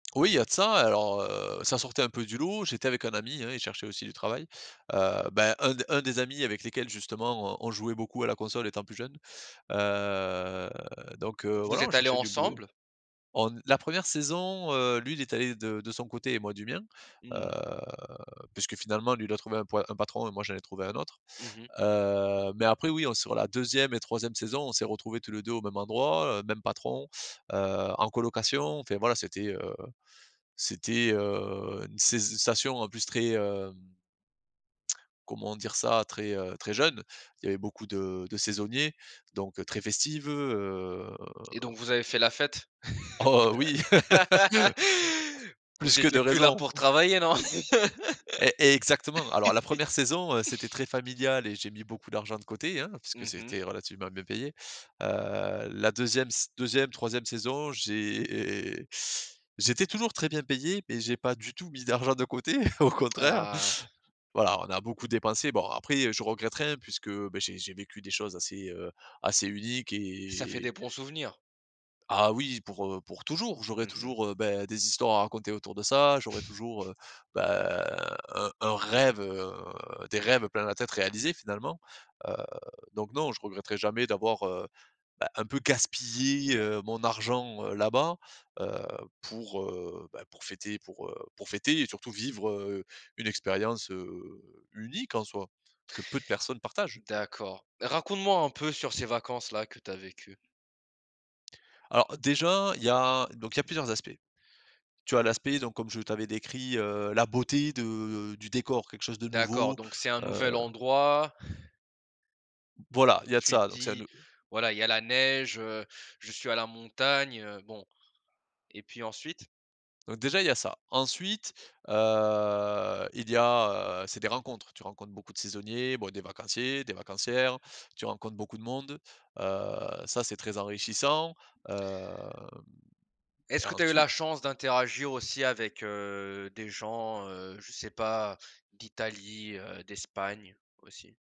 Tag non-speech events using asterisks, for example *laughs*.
Oui, il y a de ça. Alors, heu, ça sortait un peu du lot, j'étais avec un ami, hein, il cherchait aussi du travail, heu, beh, un des un des amis avec lesquels justement on on jouait beaucoup à la console étant plus jeunes, heu, donc heu, Vous voilà, on êtes allés cherchait du boulot. ensemble? On ne la 1re saison, heu, lui il était allé de de son côté et moi du mien, heu, Mmh. puisque finalement lui, il a trouvé un poi un patron et moi j'en ai trouvé un autre. Mmh mh, mmh mh. Heu, mais après, oui, on se sur la 2e et 3e saison, on s'est retrouvés tous les 2 au même endroit, heu, même patron, heu, en colocation, enfin voilà, c'était, heu, c'était, heu, une saiso une station en plus très, hem comment dire ça, très, heu, très jeune. Il y avait beaucoup de de saisonniers, donc heu, très festive, heu Et donc vous avez fait la fête? Oh oui! *laughs* *laughs* Plus Vous que de étiez plus là raison. pour travailler non? E exactement. Alors la 1re saison, heu, c'était très *laughs* familial et j'ai mis beaucoup d'argent de côté, hein, puisque Mmh mh. c'était relativement bien payé. Heu, la 2e ss 2e, 3e saison, j'é j'étais toujours très bien payé, mais j'ai pas du tout mis d'argent de côté, *chuckles* au contraire. Ah! Voilà, on a beaucoup dépensé. Bon après, heu, je regrette rien puisque, beh j'ai j'ai vécu des choses assez, heu, assez uniques Ça fait et des bons souvenirs. Ah oui! Pour, heu, pour toujours. J'aurai Mmh mh. toujours, heu, beh des histoires à raconter autour de ça, j'aurai toujours, *chuckles* heu, beh, un un rêve, heu des rêves plein la tête réalisés, finalement. Heu, donc non, je regretterai jamais d'avoir, heu, bah, un peu «gaspillé» heu, mon argent, heu, là-bas, heu, pour, heu, ben, pour fêter pour, heu, pour fêter et surtout vivre, heu, une expérience, heu, unique en soi que peu de personnes partagent. D'accord. Raconte-moi un peu sur ces vacances-là, que tu as vécues. Alors, déjà il y a donc il y a plusieurs aspects. Tu as l'aspect, donc comme je t'avais décrit, heu, la beauté de du décor, quelque chose de D'accord, nouveau, donc c'est un heu nouvel endroit Voilà, il y a de tu te ça, donc ça dis: nous «Voilà, il y a la neige, heu, je suis à la montagne, heu, bon». Et puis ensuite? Donc déjà il y a ça. Ensuite heu, il y a, heu c'est des rencontres, tu rencontres beaucoup de saisonniers, bon, des vacanciers, des vacancières, tu rencontres beaucoup de monde, heu, ça c'est très enrichissant, hem et Est-ce que tu as eu ensuite la chance d'interagir aussi avec, heu, des gens, heu, je sais pas, d'Italie, heu, d'Espagne, aussi?